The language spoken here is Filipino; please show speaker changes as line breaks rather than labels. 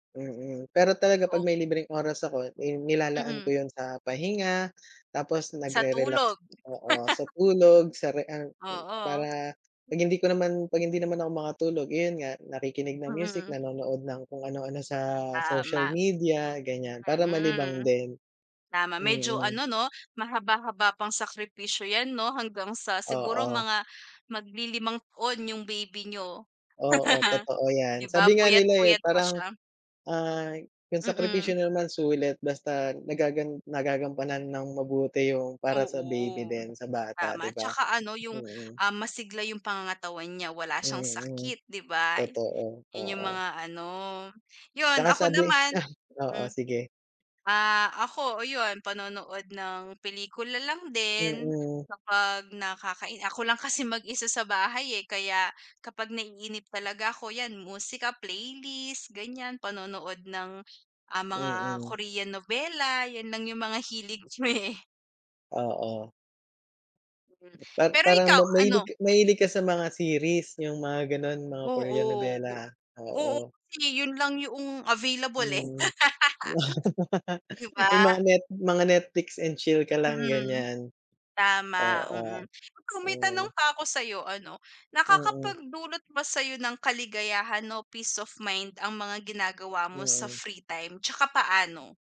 Mm, pero talaga 'pag
Ok
may libreng oras ako, eh, nilalaan ko
Mm.
yun sa pahinga. Tapos
Sa
nagre-relax
tulog.
oo, so tulog sa rea eh,
Oo.
para 'pag hindi ko naman 'pag hindi naman ako makatulog, yun nga nakikinig ng music,
Mm.
nanonood ng kung ano-ano sa social
Tama.
media, ganyan. Para malibang
Mm.
din.
Tama. Medyo
Mm.
ano, 'no, mahaba-haba pang sakripisyo yan, 'no, hanggang sa siguro
Oo.
mga maglilimang taon yung baby n'yo.
Oo, totoo
'Di
yan.
ba,
Sabi nga nila, eh,
puyat-puyat pa
parang,
siya.
ah, yung sakripisyo
Mm.
naman sulit basta nagagan nagagampanan nang mabuti yung para sa baby
Oo.
din, sa bata,
Tama.
'di ba?
Tsaka ano yung,
Mm.
ah, masigla yung pangangatawan niya, wala siyang
Mm,
sakit, 'di ba,
totoo,
yun yung
oo.
mga ano. Yun,
Tsaka
ako
sabi
naman
sa oo,
hmm.
sige.
Ah, ako, o yun, panonood ng pelikula lang din
Mm.
kapag nakakain ako lang kasi mag-isa sa bahay, eh. Kaya kapag naiinip talaga ako, yan musika, playlist ganyan, panonood ng, ah, mga
Mm.
Korean novela, yan lang yung mga hilig me.
Oo.
Hmm,
At
pero
parang
ikaw,
ma mahilig
ano?
ka mahilig ka sa mga series, yung mga gano'n? Mga Korean
Oo, o
nobela?
oo,
Oo.
kasi yun lang yuong available, eh.
Hmm, wow, ah
'Di
yung
ba?
mga net mga Netflix and chill ka lang,
Mm.
ganyan?
Tama, mm.
Oo.
Mm, may tanong
Hmm.
pa ako sa'yo ano,
Mm.
nakakapagdulot ba sa'yo ng kaligayahan o peace of mind ang mga ginagawa mo sa
Mm.
free time? Tsaka paano?